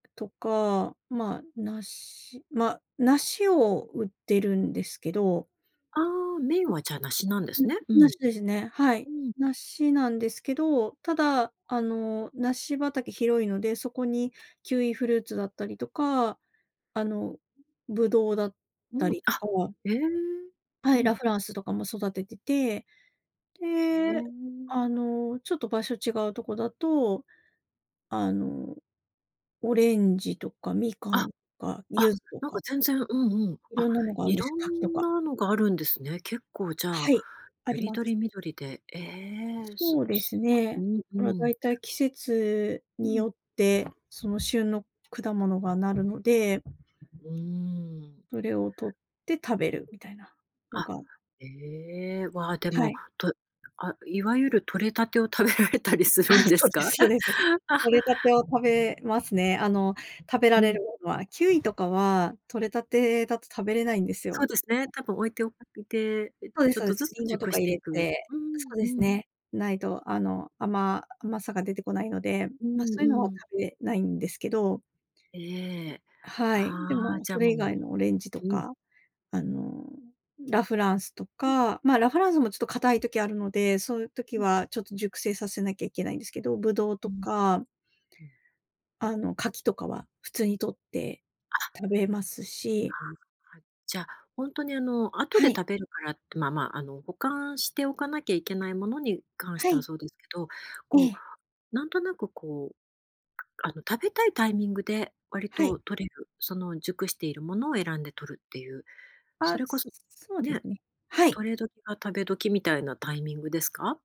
とか、まあ、梨ま、梨を売ってるんですけどああ、メインは、じゃ、梨なんでうん。すん、ね、うん。梨ですね、はい。うん。梨なんですけど、ただ、あの、梨畑広いので、そこにキウイフルーツだったりとか、あの、ブドウだっうたん、り、あ、とわええ、はうい、ん。ラ・フランスとかも育ててて、へで、え。あの、ちょっと場所違うとこだと、あの、オレンジとかみかあ。んとか柚あ、子となんかか全然、うん、うん。色あ、んなのがあんです、色柿とんか。なのがあるんですね、結構じゃはあい、あよりりまどす。りみどりで、ええ、すそうですすうね。ん、うまあ、だん。いたい季節うにん。よって、その、旬の果物がなるので、うーん。それをとって食べるみたいなのあ、がええ、わ、ではも、い。とあ、いわゆるとれたてを食べられたりするんあ、でそすうでか？すそうです。あ。とれたてを食べますね、あの、食べらうれるん。ものは。キウイとかはとれたてだと食べれないんですそうよ。ですね、たぶん置いておいて、え、そうですちょそっうとです、ずつリンゴと熟かし入ていれく。て、うーそうん、うですん。ね。ないと、あの、あま甘さが出てこないので、うま、んそういうのはうん。食べないんですけどええ、はあい、であ、もじそゃれも以外のオレンジとううん。か、あの、ラ・フランスとうん。か。ま、ラ・フランスもちょっと硬い時あるので、そういう時うん。はちょっと熟成させなきゃいけないんですけど、ブドウうとん。かうん。あの、柿とかは普通にとってあ。食べますしはい。じゃ、ほんとに、あの、後はでい。食べるからって、まあまあ、あの、保管しておかなきゃいけないものに関しはてはい。そうですけど、えこえ。うなんとなく、こう、あの、食べたいタイミングで割はい。と採れる、その熟しているものを選んでとるっていう、そあ、れこすそすそうでね、すね。はい。とれ時が食べ時みたいなタイミングですか？